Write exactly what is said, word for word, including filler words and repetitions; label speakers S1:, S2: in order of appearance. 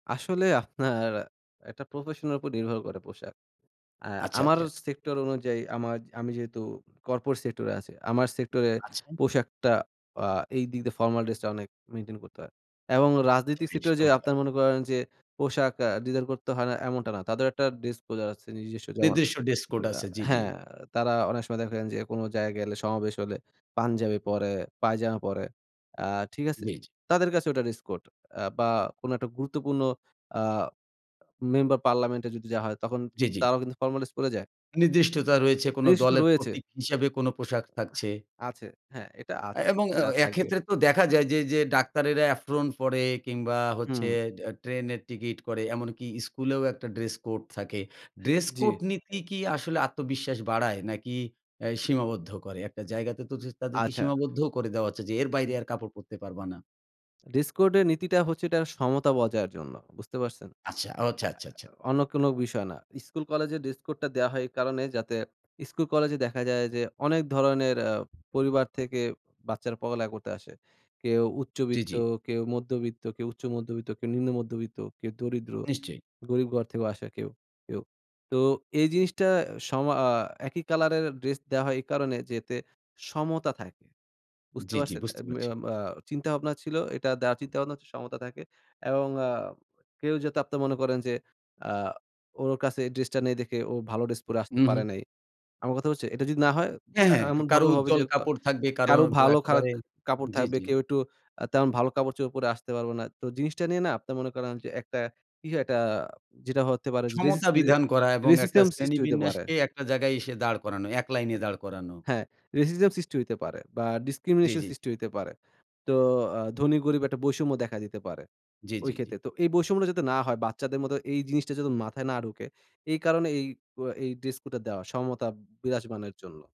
S1: আসলে আপনার একটা প্রফেশনের উপর নির্ভর করে পোশাক। আ
S2: আচ্ছা,
S1: আমার
S2: আচ্ছা।
S1: সেক্টর অনুযায়ী আমা আমি যেহেতু কর্পোরেট সেক্টরে আছি, আমার সেক্টরে
S2: আচ্ছা।
S1: পোশাকটা আ এই দিক দিয়ে ফর্মাল ড্রেসটা অনেক মেইনটেইন করতে হয় এবং
S2: আচ্ছা।
S1: রাজনৈতিক
S2: বেশ
S1: সেক্টরে যে,
S2: চমৎকার।
S1: আপনারা মনে করেন যে, পোশাক আ ডিজাইন করতে হয় না এমনটা না। তাদেরও একটা ডিসপোজার আছে নিজস্ব যেমন
S2: নির্দিষ্ট ড্রেস কোড
S1: আ
S2: আছে জ্বি, জ্বি।
S1: হ্যাঁ, তারা অনেক সময় দেখেন যে, কোনো জায়গায় গেলে সমাবেশ হলে পাঞ্জাবি পড়ে, পায়জামা পড়ে, আ ঠিক আছে?
S2: জ্বি, জ্বি।
S1: তাদের কাছে ওটা ড্রেস কোড আ বা কোনো একটা গুরুত্বপূর্ণ আ মেম্বার পার্লামেন্ট এ যদি যাওয়া হয় তখন
S2: জ্বি, জ্বি।
S1: তারাও কিন্তু ফর্মাল ড্রেস পড়ে যায়।
S2: নির্দিষ্টতা রয়েছে কোনো
S1: রেশ তো
S2: দলের
S1: রয়েছে।
S2: প্রতীক হিসেবে কোনো পোশাক থাকছে
S1: আছে, হ্যাঁ, এটা আ
S2: এবং আ
S1: থা থাকবে।
S2: এক্ষেত্রে তো দেখা যায় যে যে, ডাক্তারেরা এফ্রন পড়ে কিংবা হচ্ছে
S1: হুম।
S2: এ ট্রেনের টিকিট করে। এমনকি স্কুলেও একটা ড্রেস কোড থাকে। ড্রেস
S1: জ্বি।
S2: কোড নিতি কি আসলে আত্মবিশ্বাস বাড়ায়? নাকি আ সীমাবদ্ধ করে? একটা জায়গাতে তো তাদের কি
S1: আচ্ছা।
S2: সীমাবদ্ধও করে দেওয়া হচ্ছে যে, এর বাইরে
S1: হুম।
S2: আর কাপড় পরতে পারবা না।
S1: ড্রেস কোড এর নীতিটা হচ্ছে এটা সমতা বজায় জন্য বুঝতে পারছেন? আ
S2: আচ্ছা, ও আচ্ছা, আচ্ছা, আচ্ছা।
S1: আ অন্য কোনো বিষয় না। স্কুল কলেজের ড্রেস কোডটা দেওয়া হয় এই কারণে যাতে স্কুল কলেজে দেখা যায় যে, অনেক ধরনের আ পরিবার থেকে বাচ্চারা পড়ালেখা করতে আসে। কেউ
S2: জ্বি,
S1: উচ্চবিত্ত,
S2: জ্বি।
S1: কেউ মধ্যবিত্ত, কেউ উচ্চমধ্যবিত্ত, কেউ নিম্ন মধ্যবিত্ত, কেউ দরিদ্র
S2: নিশ্চয়ই।
S1: গরীব ঘর থেকেও আসে কেউ, কেউ। তো এই জিনিসটা সমা আ একই কালারের ড্রেস দেওয়া হয় এই কারণে যে, এতে সমতা থাকে। বুঝতে
S2: জ্বী, জ্বী
S1: পারছেন?
S2: বুঝতে পারছি।
S1: আম আ আ চিন্তা-ভাবনা ছিল। এটা দেয়ার চিন্তা ভাবনা সমতা থাকে। এবং আ কেউ যাতে আপনার মনে করেন যে, আ ওর কাছে ড্রেসটা নেই দেখে ও ভালো ড্রেস পরে
S2: হু,
S1: আসতে
S2: হুম।
S1: পারে নাই। আমার কথা হচ্ছে এটা যদি না হয়
S2: হ্যাঁ,
S1: আ
S2: হ্যাঁ। কা কারো
S1: এমনভাবে হবে
S2: উজ্জ্বল
S1: যে, কা
S2: কাপড় থাকবে কারো
S1: কারো
S2: তো
S1: ভালো খারাপ
S2: একেবারে
S1: কাপড়
S2: জ্বী,
S1: থাকবে
S2: জ্বী।
S1: কেউ একটু আ তেমন ভালো কাপড়-চোপড় পরে আসতে পারবে না। তো জিনিসটা নিয়ে না আপনার মনে করেন যে, একটা কি একটা যেটা হতে পারে
S2: সমতা
S1: রেজিজে
S2: বিধান করা এবং একটা
S1: রেসিস্টেম
S2: শ্রেণী
S1: সৃষ্টি হতে পারে
S2: বিন্যাসকে একটা জায়গায় এসে দাঁড় করানো, এক
S1: আ
S2: লাইনে দাঁড় করানো।
S1: হ্যাঁ, রেসিজম সৃষ্টি হতে পারে বা
S2: জ্বি,
S1: ডিসক্রিমিনেশন
S2: জ্বি।
S1: সৃষ্টি হতে পারে। তো আ ধনী গরিব একটা বৈষম্য দেখা দিতে পারে।
S2: জ্বি,
S1: ওই
S2: জ্বি,
S1: ক্ষেত্রে।
S2: জ্বি।
S1: তো এই বৈষম্যটা যাতে না হয় বাচ্চাদের মতো এই জিনিসটা যাতে মাথায় না ঢুকে এই কারণে, এই ক এই ড্রেস কোডটা দেওয়া সমতা বিরাজমানর জন্য।